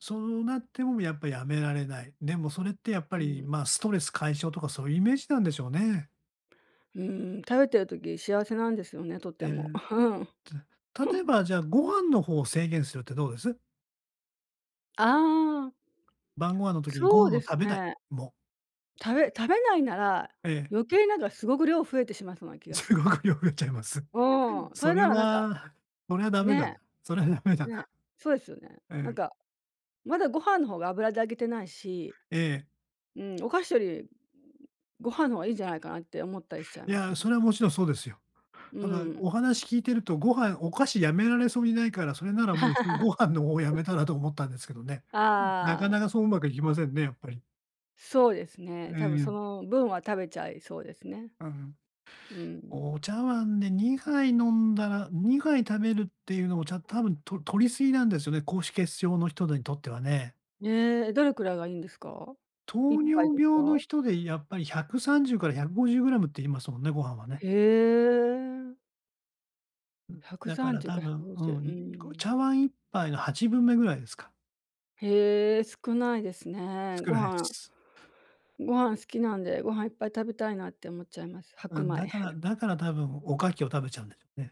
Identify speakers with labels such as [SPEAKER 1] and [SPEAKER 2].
[SPEAKER 1] そうなっても、やっぱやめられない。でもそれってやっ
[SPEAKER 2] う
[SPEAKER 1] ぱり、
[SPEAKER 2] ん。
[SPEAKER 1] まあ、ストレス解消とかそういうイメージなんでしょうね。
[SPEAKER 2] うーん、食べてる時、幸せなんですよね、と
[SPEAKER 1] え
[SPEAKER 2] て
[SPEAKER 1] え、
[SPEAKER 2] も。うん。
[SPEAKER 1] じゃ、例え ば、じゃあ、ご飯の方を制限するってどうです？
[SPEAKER 2] ああ。
[SPEAKER 1] 晩ご飯の時にご
[SPEAKER 2] そう
[SPEAKER 1] 飯
[SPEAKER 2] で
[SPEAKER 1] を
[SPEAKER 2] す
[SPEAKER 1] 食べない。
[SPEAKER 2] ね。
[SPEAKER 1] もう。
[SPEAKER 2] 食べ食べないなら、
[SPEAKER 1] ええ。
[SPEAKER 2] 余計なんかすごく量増えてしまいそうな気がし
[SPEAKER 1] す
[SPEAKER 2] ま
[SPEAKER 1] ご
[SPEAKER 2] す。
[SPEAKER 1] く量が増えちゃいます。
[SPEAKER 2] うん、そ
[SPEAKER 1] そ
[SPEAKER 2] れ
[SPEAKER 1] れ
[SPEAKER 2] ならなんか
[SPEAKER 1] は、それはダメだな。
[SPEAKER 2] ね。
[SPEAKER 1] それはダメだ
[SPEAKER 2] ね、
[SPEAKER 1] な。
[SPEAKER 2] そうですよね。
[SPEAKER 1] う
[SPEAKER 2] なん
[SPEAKER 1] ん。
[SPEAKER 2] か、まだご飯の方が油で揚げてないし、
[SPEAKER 1] ええ。
[SPEAKER 2] うん、お菓子より、ん、ご飯の方がいいんじゃないかなって思ったりしちゃい
[SPEAKER 1] い
[SPEAKER 2] ます
[SPEAKER 1] や、
[SPEAKER 2] ね。
[SPEAKER 1] それはもちろんそうですよ。
[SPEAKER 2] う
[SPEAKER 1] ただ、
[SPEAKER 2] ーん。
[SPEAKER 1] お話聞いてるとご飯お菓子やめられそうにないから、それならもういっそ、ご飯の方をや めたらと思ったんですけどね。なか
[SPEAKER 2] ああ。
[SPEAKER 1] なかそううまくいきませんね、やっぱり。
[SPEAKER 2] そうですね、
[SPEAKER 1] え
[SPEAKER 2] 多分そ
[SPEAKER 1] え。
[SPEAKER 2] の分は食べちゃいそうですね。
[SPEAKER 1] うん。
[SPEAKER 2] うん。
[SPEAKER 1] お茶碗で2杯飲んだら、2杯食べるっていうのを、じゃ、多分、と、取り過ぎなんですよね、高脂血症の人にとってはね。
[SPEAKER 2] ね、どれくらいがいいんですか？いっ
[SPEAKER 1] 糖
[SPEAKER 2] ぱい
[SPEAKER 1] 尿
[SPEAKER 2] です
[SPEAKER 1] 病の
[SPEAKER 2] か？
[SPEAKER 1] 人でやっぱり130から150グラムって言いますもんね、ご飯はね。
[SPEAKER 2] へえ。
[SPEAKER 1] うん、
[SPEAKER 2] ひゃく
[SPEAKER 1] だか
[SPEAKER 2] さん
[SPEAKER 1] ら
[SPEAKER 2] じゅう
[SPEAKER 1] 多
[SPEAKER 2] かひゃく
[SPEAKER 1] 分、
[SPEAKER 2] ご
[SPEAKER 1] う
[SPEAKER 2] じゅう、う
[SPEAKER 1] ん、
[SPEAKER 2] ー
[SPEAKER 1] ん、こ、
[SPEAKER 2] ん。
[SPEAKER 1] 茶碗1杯の8分目ぐらいですか。
[SPEAKER 2] へえ、少ないですね、
[SPEAKER 1] 少
[SPEAKER 2] ご
[SPEAKER 1] ない
[SPEAKER 2] 飯。
[SPEAKER 1] す。
[SPEAKER 2] ご飯好きなんで、ご飯いっぱい食べたいなって思っちゃいます、
[SPEAKER 1] う
[SPEAKER 2] 白
[SPEAKER 1] ん、
[SPEAKER 2] 米。
[SPEAKER 1] だから、だから多分おかきを食べちゃうんですね。